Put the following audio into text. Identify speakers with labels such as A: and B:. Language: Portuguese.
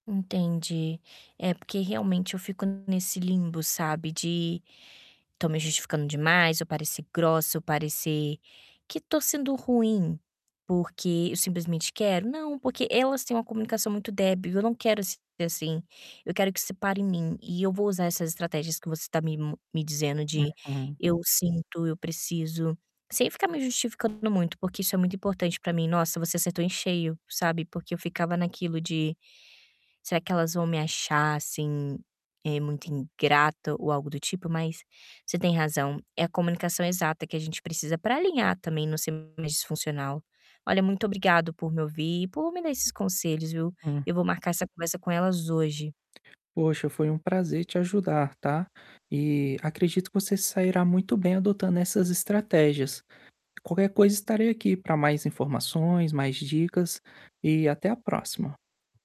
A: Entendi! É porque realmente eu fico nesse limbo, sabe, de estou me justificando demais, eu parecer grossa, eu parecer que estou sendo ruim. Porque eu simplesmente quero? Não! Porque elas têm uma comunicação muito débil. Eu não quero s assim, eu quero que isso pare em mim. E eu vou usar essas estratégias que você está me me dizendo, de:
B: Uhum.
A: "Eu sinto, Eu preciso", sem ficar me justificando muito, porque isso é muito importante para mim. Nossa, você acertou em cheio, sabe, porque eu ficava naquilo de Será que elas vão me achar, assim, eh, muito ingrata ou algo do tipo? Mas você tem razão! É a comunicação exata que a gente precisa para alinhar, também, não ser mais disfuncional. Olha, muito obrigada por me ouvir e por me dar esses conselhos, viu?
B: Hum.
A: Eu vou marcar essa conversa com elas hoje.
B: Poxa, foi um prazer te ajudar, tá? E acredito que você se sairá muito bem adotando essas estratégias. Qualquer coisa, estarei aqui para mais informações, mais dicas, e até a próxima!